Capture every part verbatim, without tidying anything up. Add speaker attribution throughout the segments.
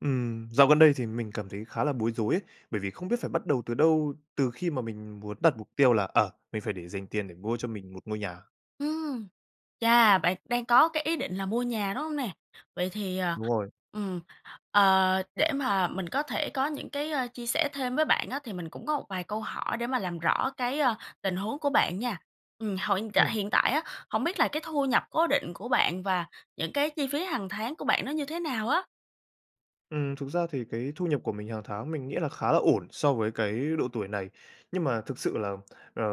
Speaker 1: Ừm, dạo gần đây thì mình cảm thấy khá là bối rối ấy, bởi vì không biết phải bắt đầu từ đâu, từ khi mà mình muốn đặt mục tiêu là, ờ, mình phải để dành tiền để mua cho mình một ngôi nhà.
Speaker 2: Ừm, chà, bạn đang có cái ý định là mua nhà, đúng hông nè? Vậy thì, ờ,
Speaker 1: Đúng rồi.
Speaker 2: ừm, ờ, để mà mình có thể có những cái, ơ, chia sẻ thêm với bạn á, thì mình cũng có một vài câu hỏi để mà làm rõ cái, a, tình huống của bạn nha! Ừm, hồi hiện tại
Speaker 1: Ừm.
Speaker 2: hiện tại á, hổng biết là cái thu nhập cố định của bạn và những cái chi phí hàng tháng của bạn nó như thế nào á?
Speaker 1: Ừm, thực ra thì cái thu nhập của mình hàng tháng mình nghĩ là khá là ổn so với cái độ tuổi này, nhưng mà thực sự là, ờ,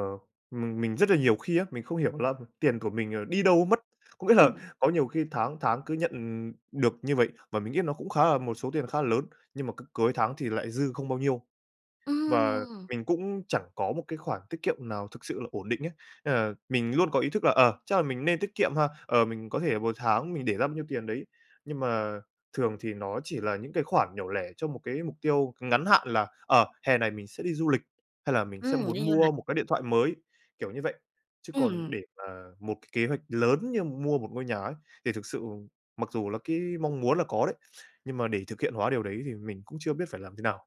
Speaker 1: mình mình rất là nhiều khi á, mình không hiểu đó là tiền của mình, ờ, đi đâu mất. Có nghĩa là
Speaker 2: Ừm.
Speaker 1: có nhiều khi tháng tháng cứ nhận, ừm, được như vậy, và mình nghĩ nó cũng khá là một số tiền khá là lớn, nhưng mà c cuối tháng thì lại dư không bao nhiêu, và
Speaker 2: Ừm!
Speaker 1: mình cũng chẳng có một cái khoản tiết kiệm nào thực sự là ổn định ấy. Nên là mình luôn có ý thức là, ờ, chắc là mình nên tiết kiệm ha, ờ, mình có thể là một tháng mình để ra bao nhiêu tiền đấy, nhưng mà thường thì nó chỉ là những cái khoản nhỏ lẻ cho một cái mục tiêu ngắn hạn, là, ờ, hè này mình sẽ đi du lịch, hay là mình sẽ
Speaker 2: Ừm,
Speaker 1: muốn
Speaker 2: đi du
Speaker 1: mua
Speaker 2: lịch.
Speaker 1: một cái điện thoại mới, kiểu như vậy, chứ còn
Speaker 2: Ừm.
Speaker 1: để mà một cái kế hoạch lớn như mua một ngôi nhà ấy, thì thực sự mặc dù là cái mong muốn là có đấy, nhưng mà để thực hiện hóa điều đấy thì mình cũng chưa biết phải làm thế nào.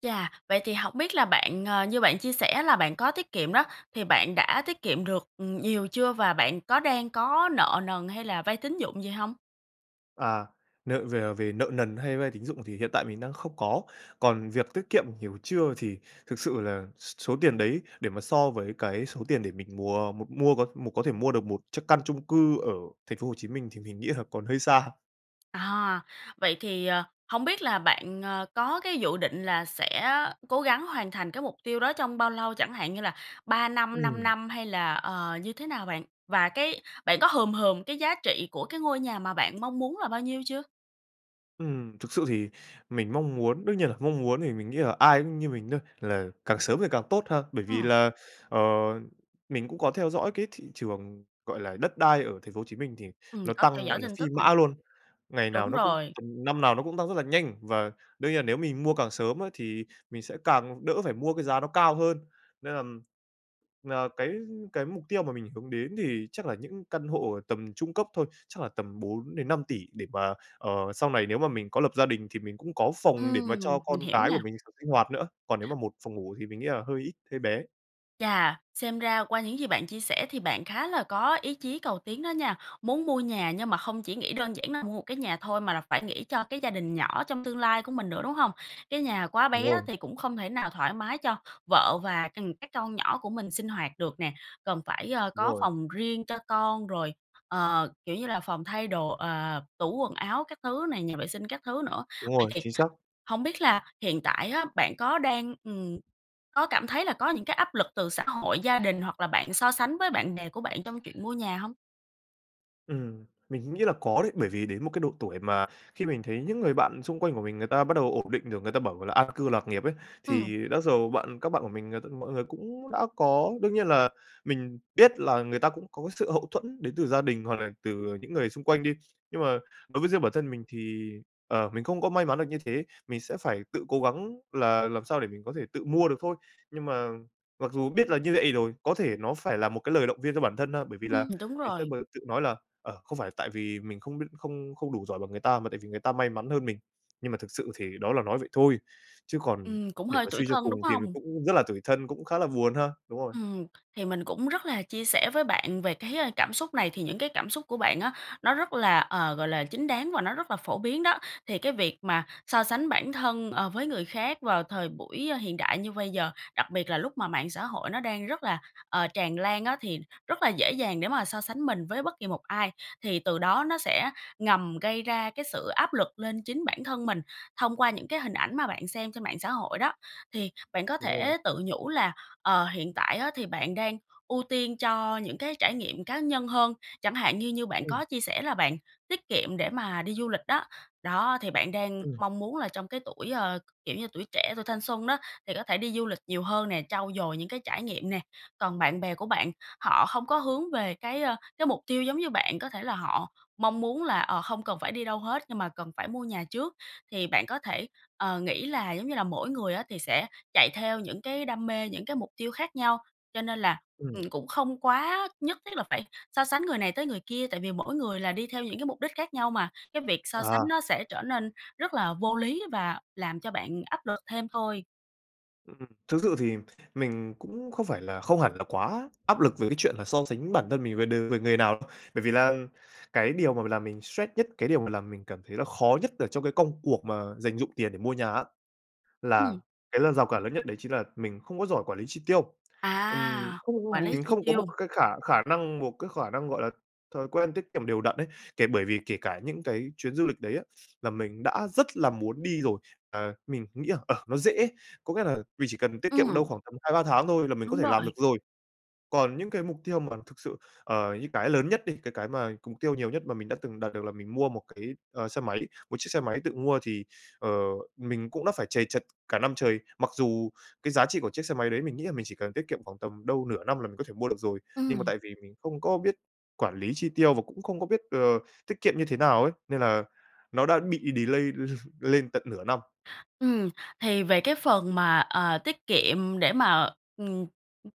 Speaker 2: Chà, vậy thì hổng biết là bạn, ờ, như bạn chia sẻ là bạn có tiết kiệm đó, thì bạn đã tiết kiệm được, ừm, nhiều chưa và bạn có đang có nợ nần hay là vay tín dụng gì hông?
Speaker 1: À, nợ về về nợ nần hay vay tín dụng thì hiện tại mình đang không có, còn việc tiết kiệm ừn nhiều chưa thì thực sự là s số tiền đấy để mà so với cái số tiền để mình mùa m mua có một có thể mua được một chiếc căn chung cư ở Thành phố Hồ Chí Minh thì mình nghĩ là còn hơi xa.
Speaker 2: À, vậy thì, ờ, hông biết là bạn, ờ, có cái dự định là sẽ cố gắng hoàn thành cái mục tiêu đó trong bao lâu, chẳng hạn như là ba năm, năm
Speaker 1: Ừm.
Speaker 2: năm hay là, ờ, như thế nào bạn? Và cái bạn có hừm hừm cái giá trị của cái ngôi nhà mà bạn mong muốn là bao nhiêu chưa?
Speaker 1: Ừm, thực sự thì mình mong muốn đương nhiên là mong muốn thì mình nghĩ là ai cũng như mình thôi, là càng sớm thì càng tốt ha! Bởi vì
Speaker 2: Ừm.
Speaker 1: là, ờ, mình cũng có theo dõi cái thị trường, gọi là, đất đai ở Thành phố Hồ Chí Minh thì
Speaker 2: Ừm,
Speaker 1: nó
Speaker 2: có theo
Speaker 1: tăng,
Speaker 2: dõi
Speaker 1: gọi là,
Speaker 2: tin
Speaker 1: phi
Speaker 2: tức này.
Speaker 1: mã luôn. Ngày nào
Speaker 2: Đúng
Speaker 1: nó cũng
Speaker 2: rồi.
Speaker 1: năm nào nó cũng tăng rất là nhanh, và đương nhiên là nếu mình mua càng sớm á thì mình sẽ càng đỡ phải mua cái giá nó cao hơn. Nên là, ờ, cái cái mục tiêu mà mình hướng đến thì chắc là những căn hộ ở tầm trung cấp thôi, chắc là tầm bốn đến năm tỉ để mà, ờ, sau này nếu mà mình có lập gia đình thì mình cũng có phòng để mà
Speaker 2: Ừm,
Speaker 1: cho
Speaker 2: mình
Speaker 1: con
Speaker 2: hiểu
Speaker 1: cái của
Speaker 2: nha!
Speaker 1: mình s sinh hoạt nữa, còn nếu mà một phòng ngủ thì mình nghĩ là hơi ít, hơi bé.
Speaker 2: Chà, xem ra qua những gì bạn chia sẻ thì bạn khá là có ý chí cầu tiến đó nha. Muốn mua nhà nhưng mà không chỉ nghĩ đơn giản là mua một cái nhà thôi, mà là phải nghĩ cho cái gia đình nhỏ trong tương lai của mình nữa, đúng hông? Cái nhà quá
Speaker 1: Đúng
Speaker 2: bé á,
Speaker 1: rồi.
Speaker 2: thì cũng không thể nào thoải mái cho vợ và, ừm, các con nhỏ của mình sinh hoạt được nè. Cần phải, ờ,
Speaker 1: Đúng
Speaker 2: có
Speaker 1: rồi.
Speaker 2: phòng riêng cho con rồi, ờ, kiểu như là, phòng thay đồ, ờ, tủ quần áo các thứ này, nhà vệ sinh các thứ nữa.
Speaker 1: Đúng
Speaker 2: Vậy
Speaker 1: rồi,
Speaker 2: thì
Speaker 1: chính xác.
Speaker 2: hông biết là hiện tại á, bạn có đang, ừm, có cảm thấy là có những cái áp lực từ xã hội, gia đình hoặc là bạn so sánh với bạn bè của bạn trong chuyện mua nhà hông?
Speaker 1: Ừm, mình nghĩ là có đấy. Bởi vì đến một cái độ tuổi mà khi mình thấy những người bạn xung quanh của mình, người ta bắt đầu ổn định được, người ta bảo là an cư lạc nghiệp ấy,
Speaker 2: Ừm.
Speaker 1: thì đó dầu bạn các bạn của mình, ờ, t mọi người cũng đã có đương nhiên là mình biết là người ta cũng có cái sự hậu thuẫn đến từ gia đình hoặc là từ những người xung quanh đi. Nhưng mà đối với riêng bản thân mình thì, ờ, mình không có may mắn được như thế, mình sẽ phải tự cố gắng là làm sao để mình có thể tự mua được thôi. Nhưng mà mặc dù biết là như vậy rồi, có thể nó phải là một cái lời động viên cho bản thân ha. Bởi vì là
Speaker 2: Ừm, đúng
Speaker 1: ngày xưa
Speaker 2: rồi.
Speaker 1: m tự nói là, ờ, không phải là tại vì mình không biết không không đủ giỏi bằng người ta mà tại vì người ta may mắn hơn mình. Nhưng mà thực sự thì đó là nói vậy thôi, chứ còn
Speaker 2: Ừm, cũng
Speaker 1: để
Speaker 2: hơi
Speaker 1: mà
Speaker 2: tủi
Speaker 1: suy cho
Speaker 2: thân, đúng
Speaker 1: cùng thì mình
Speaker 2: hông?
Speaker 1: cũng rất là tủi thân, cũng khá là buồn ha. Đúng rồi.
Speaker 2: Ừm, thì mình cũng rất là chia sẻ với bạn về cái, ơ, cảm xúc này thì những cái cảm xúc của bạn á, nó rất là, ờ, gọi là, chính đáng, và nó rất là phổ biến đó. Thì cái việc mà so sánh bản thân, ờ, với người khác vào thời buổi, ơ, hiện đại như bây giờ, đặc biệt là lúc mà mạng xã hội nó đang rất là, ờ, tràn lan á, thì rất là dễ dàng để mà so sánh mình với bất kỳ một ai. Thì từ đó nó sẽ ngầm gây ra cái sự áp lực lên chính bản thân mình, thông qua những cái hình ảnh mà bạn xem trên mạng xã hội đó. Thì bạn có
Speaker 1: Đúng rồi.
Speaker 2: thể tự nhủ là, ờ, hiện tại á, thì bạn đang ưu tiên cho những cái trải nghiệm cá nhân hơn. Chẳng hạn như như bạn
Speaker 1: Ừm.
Speaker 2: có chia sẻ là bạn tiết kiệm để mà đi du lịch đó, đó, thì bạn đang
Speaker 1: Ừm.
Speaker 2: mong muốn là trong cái tuổi, ơ, kiểu như, tuổi trẻ, tuổi thanh xuân đó, thì có thể đi du lịch nhiều hơn nè, trau dồi những cái trải nghiệm nè. Còn bạn bè của bạn họ không có hướng về cái, ơ, cái mục tiêu giống như bạn, có thể là họ mong muốn là, ờ, không cần phải đi đâu hết nhưng mà cần phải mua nhà trước. Thì bạn có thể, ờ, nghĩ là giống như là mỗi người á, thì sẽ chạy theo những cái đam mê, những cái mục tiêu khác nhau cho nên là,
Speaker 1: Ừm.
Speaker 2: ừm, cũng không quá nhất thiết là phải so sánh người này tới người kia tại vì mỗi người là đi theo những cái mục đích khác nhau mà. Cái việc so sánh
Speaker 1: À.
Speaker 2: nó sẽ trở nên rất là vô lý và làm cho bạn áp lực thêm thôi.
Speaker 1: Ừm, thực sự thì mình cũng không phải là không hẳn là quá áp lực về cái chuyện là so sánh bản thân mình về đ về người nào. Bởi vì là cái điều mà làm mình stress nhất, cái điều mà làm mình cảm thấy là khó nhất ở trong cái công cuộc mà dành dụm tiền để mua nhà á là
Speaker 2: Ừm.
Speaker 1: cái lần rào cản lớn nhất đấy chính là mình không có giỏi quản lý chi tiêu. Ừm.
Speaker 2: À! Quản
Speaker 1: Không
Speaker 2: lý
Speaker 1: mình
Speaker 2: chi
Speaker 1: không có một
Speaker 2: tiêu.
Speaker 1: cái khả khả năng một cái khả năng, gọi là, thói quen tiết kiệm đều đặn ấy. Kể bởi vì kể cả những cái chuyến du lịch đấy á là mình đã rất là muốn đi rồi. Ờ, mình nghĩ là, ờ, nó dễ, có nghĩa là mình chỉ cần tiết kiệm đâu
Speaker 2: Ừm.
Speaker 1: khoảng tầm hai ba tháng thôi là mình có
Speaker 2: Đúng
Speaker 1: thể làm
Speaker 2: rồi!
Speaker 1: được rồi. Còn những cái mục tiêu mà thực sự ờ, như cái lớn nhất đi, cái cái mà mục tiêu nhiều nhất mà mình đã từng đạt được là mình mua một cái, ờ, xe máy, một chiếc xe máy tự mua thì, ờ, mình cũng đã phải trầy trật cả năm trời. Mặc dù cái giá trị của chiếc xe máy đấy, mình nghĩ là mình chỉ cần tiết kiệm khoảng tầm đâu nửa năm là mình có thể mua được rồi, nhưng mà
Speaker 2: Ừm.
Speaker 1: tại vì mình không có biết quản lý chi tiêu, và cũng không có biết, ờ, tiết kiệm như thế nào ấy, nên là nó đã bị delay lên tận nửa năm.
Speaker 2: Ừm, thì về cái phần mà, ờ, tiết kiệm để mà, ừm,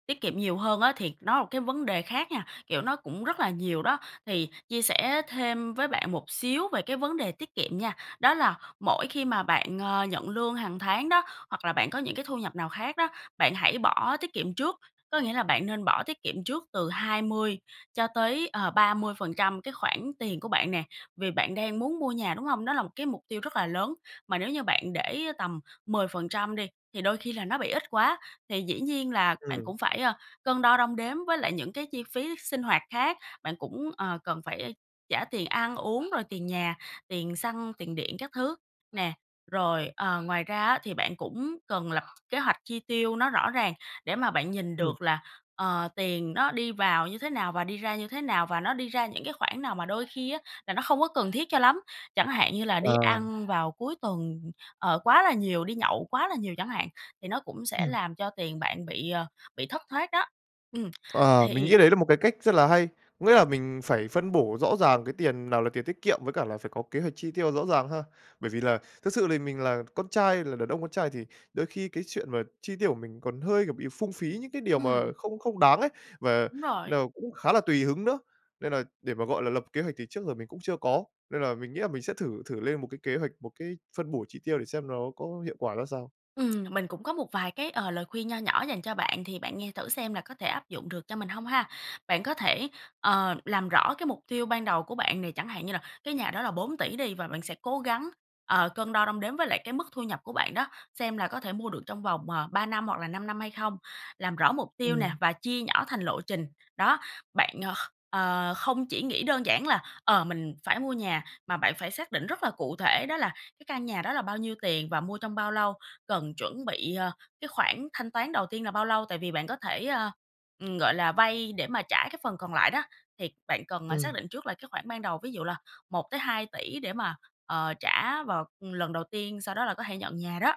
Speaker 2: tiết kiệm nhiều hơn á, thì nó là cái vấn đề khác nha, kiểu, nó cũng rất là nhiều đó. Thì chia sẻ thêm với bạn một xíu về cái vấn đề tiết kiệm nha, đó là mỗi khi mà bạn, à, nhận lương hằng tháng đó, hoặc là bạn có những cái thu nhập nào khác đó, bạn hãy bỏ tiết kiệm trước. Có nghĩa là bạn nên bỏ tiết kiệm trước từ hai mươi cho tới, ờ, ba mươi phần trăm cái khoản tiền của bạn nè. Vì bạn đang muốn mua nhà, đúng hông? Đó là một cái mục tiêu rất là lớn, mà nếu như bạn để tầm mười phần trăm đi thì đôi khi là nó bị ít quá. Thì dĩ nhiên là bạn
Speaker 1: Ừm.
Speaker 2: cũng phải, à, cân đo đong đếm với lại những cái chi phí sinh hoạt khác. Bạn cũng, ờ, cần phải trả tiền ăn uống, rồi tiền nhà, tiền xăng, tiền điện các thứ nè. Rồi, ờ, ngoài ra á thì bạn cũng cần lập kế hoạch chi tiêu nó rõ ràng để mà bạn nhìn
Speaker 1: Ừm.
Speaker 2: được là, ờ, tiền nó đi vào như thế nào, và đi ra như thế nào, và nó đi ra những cái khoản nào. Mà đôi khi á là nó không có cần thiết cho lắm, chẳng hạn như là
Speaker 1: Ờ.
Speaker 2: đi ăn vào cuối tuần, ờ, quá là nhiều, đi nhậu quá là nhiều chẳng hạn, thì nó cũng sẽ
Speaker 1: Ừm.
Speaker 2: làm cho tiền bạn bị, ờ, bị thất thoát đó. Ừm,
Speaker 1: Ờ. Mình
Speaker 2: thì
Speaker 1: nghĩ đấy là một cái cách rất là hay. Có nghĩa là mình phải phân bổ rõ ràng cái tiền nào là tiền tiết kiệm, với cả là phải có kế hoạch chi tiêu rõ ràng ha! Bởi vì là thực sự thì mình là con trai, là đàn ông con trai, thì đôi khi cái chuyện mà chi tiêu của mình còn hơi, kiểu, bị phung phí những cái điều mà
Speaker 2: Ừm.
Speaker 1: không không đáng ấy, và
Speaker 2: Đúng rồi.
Speaker 1: nó cũng khá là tùy hứng nữa. Nên là để mà, gọi là, lập kế hoạch thì trước giờ mình cũng chưa có. Nên là mình nghĩ là mình sẽ thử thử lên một cái kế hoạch, một cái phân bổ chi tiêu để xem nó có hiệu quả ra sao.
Speaker 2: Ừm, mình cũng có một vài cái, ờ, lời khuyên nho nhỏ dành cho bạn, thì bạn nghe thử xem là có thể áp dụng được cho mình hông ha. Bạn có thể, ờ, làm rõ cái mục tiêu ban đầu của bạn này, chẳng hạn như là cái nhà đó là bốn tỷ đi và bạn sẽ cố gắng, ờ, cân đo đong đếm với lại cái mức thu nhập của bạn đó, xem là có thể mua được trong vòng, ờ, ba năm, hoặc là năm năm hay không? Làm rõ mục tiêu nè
Speaker 1: Ừm.
Speaker 2: và chia nhỏ thành lộ trình, đó. Bạn, ờ, ờ, không chỉ nghĩ đơn giản là, ờ, mình phải mua nhà, mà bạn phải xác định rất là cụ thể đó là cái căn nhà đó là bao nhiêu tiền và mua trong bao lâu, cần chuẩn bị, ờ, cái khoản thanh toán đầu tiên là bao lâu, tại vì bạn có thể, a, ừm, gọi là, vay để mà trả cái phần còn lại đó, thì bạn cần, ờ, xác
Speaker 1: Ừm.
Speaker 2: định trước là cái khoản ban đầu, ví dụ là một tới hai tỷ để mà, ờ, trả vào, ừm, lần đầu tiên sau đó là có thể nhận nhà đó.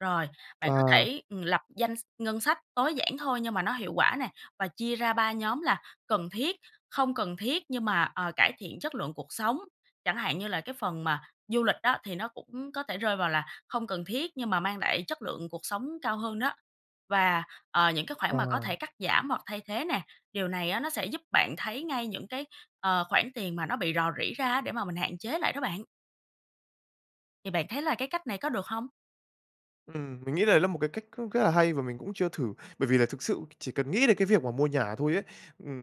Speaker 2: Rồi, bạn có
Speaker 1: Ờ.
Speaker 2: thể, ừm, lập danh s ngân sách, tối giản thôi, nhưng mà nó hiệu quả nè, và chia ra ba nhóm là cần thiết, không cần thiết nhưng mà, ờ, cải thiện chất lượng cuộc sống, chẳng hạn như là cái phần mà du lịch á thì nó cũng có thể rơi vào là không cần thiết, nhưng mà mang lại chất lượng cuộc sống cao hơn đó, và, ờ, những cái khoản
Speaker 1: Ờ.
Speaker 2: mà có thể cắt giảm hoặc thay thế nè, điều này á nó sẽ giúp bạn thấy ngay những cái, ờ, khoản tiền mà nó bị rò rỉ ra á, để mà mình hạn chế lại đó bạn. Thì bạn thấy là cái cách này có được hông?
Speaker 1: Ừm, mình nghĩ lấy là một cái cách cũng rất là hay và mình cũng chưa thử, bởi vì là thực sự chỉ cần nghĩ đến cái việc mà mua nhà thôi ấy, ừm,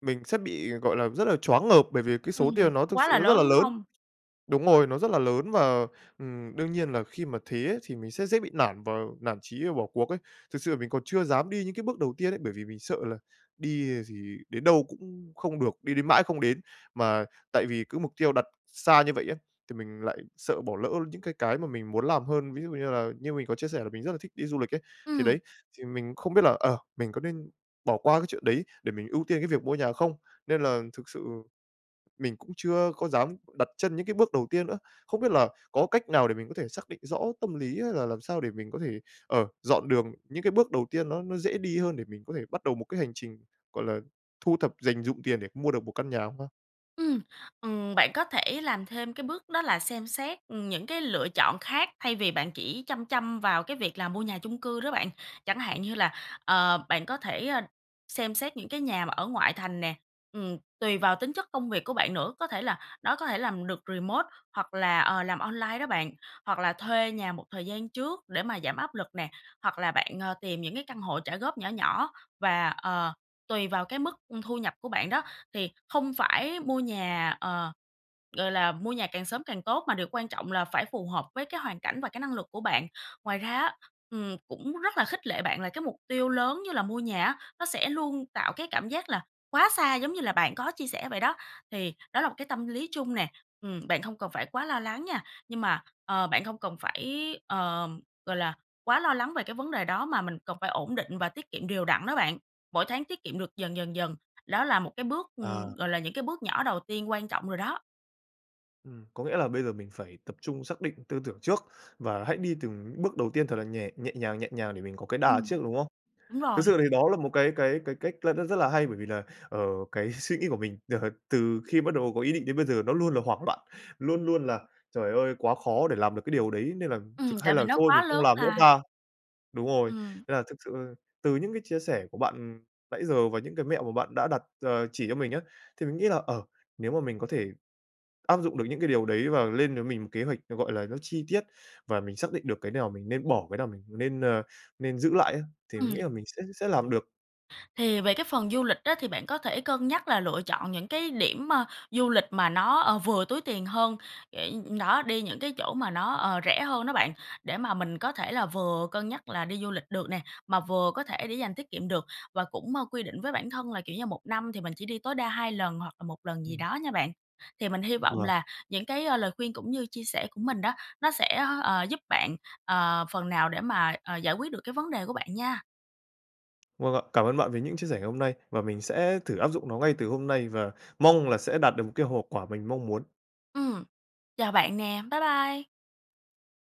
Speaker 1: mình sẽ bị, gọi là, rất là choáng ngợp bởi vì cái số
Speaker 2: Ừm,
Speaker 1: tiền nó thực
Speaker 2: quá
Speaker 1: sự
Speaker 2: là
Speaker 1: nó rất
Speaker 2: lớn,
Speaker 1: là
Speaker 2: đúng
Speaker 1: lớn.
Speaker 2: hông?
Speaker 1: Đúng rồi, nó rất là lớn và, ừm, đương nhiên là khi mà thế ấy, thì mình sẽ dễ bị nản và nản chí và bỏ cuộc ấy. Thực sự mình còn chưa dám đi những cái bước đầu tiên ấy, bởi vì mình sợ là đi, à, gì đến đâu cũng không được, đi đến mãi không đến. Mà tại vì cứ mục tiêu đặt xa như vậy á, thì mình lại sợ bỏ lỡ những cái cái mà mình muốn làm hơn. Ví dụ như là, như mình có chia sẻ là mình rất là thích đi du lịch ấy, thì
Speaker 2: Ừm.
Speaker 1: đấy, thì mình không biết là, ờ, mình có nên bỏ qua cái chuyện đấy để mình ưu tiên cái việc mua nhà không? Nên là thực sự mình cũng chưa có dám đặt chân những cái bước đầu tiên nữa. Không biết là có cách nào để mình có thể xác định rõ tâm lý hay là làm sao để mình có thể, ờ, dọn đường những cái bước đầu tiên nó nó dễ đi hơn để mình có thể bắt đầu một cái hành trình, gọi là, thu thập dành dụm tiền để mua được một căn nhà không ta?
Speaker 2: Ừm, ừm, bạn có thể làm thêm cái bước đó là xem xét, ừm, những cái lựa chọn khác thay vì bạn chỉ chăm chăm vào cái việc là mua nhà chung cư đó bạn. Chẳng hạn như là, ờ, bạn có thể xem xét những cái nhà mà ở ngoại thành nè. Ừm, tùy vào tính chất công việc của bạn nữa, có thể là nó có thể làm được remote hoặc là, ờ, làm online đó bạn, hoặc là thuê nhà một thời gian trước để mà giảm áp lực nè, hoặc là bạn, ờ, tìm những cái căn hộ trả góp nhỏ nhỏ và, ờ, tùy vào cái mức, ư, thu nhập của bạn đó. Thì không phải mua nhà, ờ, gọi là, mua nhà càng sớm càng tốt, mà điều quan trọng là phải phù hợp với cái hoàn cảnh và cái năng lực của bạn. Ngoài ra á, ừm, cũng rất là khích lệ bạn là cái mục tiêu lớn như là mua nhà á, nó sẽ luôn tạo cái cảm giác là quá xa giống như là bạn có chia sẻ vậy đó, thì đó là một cái tâm lý chung nè, ừm, bạn hông cần phải quá lo lắng nha. Nhưng mà, ờ, bạn hông cần phải, ờ, gọi là, quá lo lắng về cái vấn đề đó, mà mình cần phải ổn định và tiết kiệm đều đặn đó bạn, mỗi tháng tiết kiệm được dần dần dần. Đó là một cái bước, ừm,
Speaker 1: À.
Speaker 2: gọi là, những cái bước nhỏ đầu tiên quan trọng rồi đó.
Speaker 1: Ừm, có nghĩa là bây giờ mình phải tập trung xác định tư tưởng trước và hãy đi từng bước đầu tiên thật là nhè nhẹ nhàng, nhẹ nhàng để mình có cái đà
Speaker 2: Ừm,
Speaker 1: trước, đúng không?
Speaker 2: đúng
Speaker 1: Thực
Speaker 2: rồi.
Speaker 1: sự thì đó là một cái cái cái cách là rất là hay bởi vì là, ờ, cái suy nghĩ của mình từ khi bắt đầu có ý định đến bây giờ nó luôn là hoảng loạn, luôn luôn là "Trời ơi, quá khó để làm được cái điều đấy, nên là
Speaker 2: Ừm,
Speaker 1: thực hay
Speaker 2: tại vì
Speaker 1: là
Speaker 2: nó
Speaker 1: thôi
Speaker 2: quá
Speaker 1: mình không
Speaker 2: lớn
Speaker 1: làm nữa
Speaker 2: là.
Speaker 1: ta," đúng rồi,
Speaker 2: Ừm.
Speaker 1: nên là thực sự từ những cái chia sẻ của bạn, ừm, nãy giờ và những cái mẹo mà bạn đã đặt, ờ, chỉ cho mình á, thì mình nghĩ là, ờ, nếu mà mình có thể áp dụng được những cái điều đấy và lên với mình một kế hoạch, nó, gọi là, nó chi tiết và mình xác định được cái nào mình nên bỏ, cái nào mình nên, ờ, nên giữ lại á, thì mình
Speaker 2: Ừm.
Speaker 1: nghĩ là mình sẽ sẽ làm được.
Speaker 2: Thì về cái phần du lịch á, thì bạn có thể cân nhắc là lựa chọn những cái điểm, ơ, du lịch mà nó, ờ, vừa túi tiền hơn để đó, đi những cái chỗ mà nó, ờ, rẻ hơn đó bạn, để mà mình có thể là vừa cân nhắc là đi du lịch được nè, mà vừa có thể để dành tiết kiệm được và cũng, ờ, quy định với bản thân là kiểu như một năm thì mình chỉ đi tối đa hai lần hoặc là một lần gì
Speaker 1: Ừm.
Speaker 2: đó nha bạn. Thì mình hy vọng
Speaker 1: Vầng.
Speaker 2: là những cái, a, lời khuyên cũng như chia sẻ của mình đó, nó sẽ, ờ, giúp bạn, ờ, phần nào để mà, ờ, giải quyết được cái vấn đề của bạn nha.
Speaker 1: Vâng ạ, cảm ơn bạn về những chia sẻ ngày hôm nay và mình sẽ thử áp dụng nó ngay từ hôm nay và mong là sẽ đạt được một cái hộp quả mình mong muốn.
Speaker 2: Ừm, chào bạn nè, bye bye!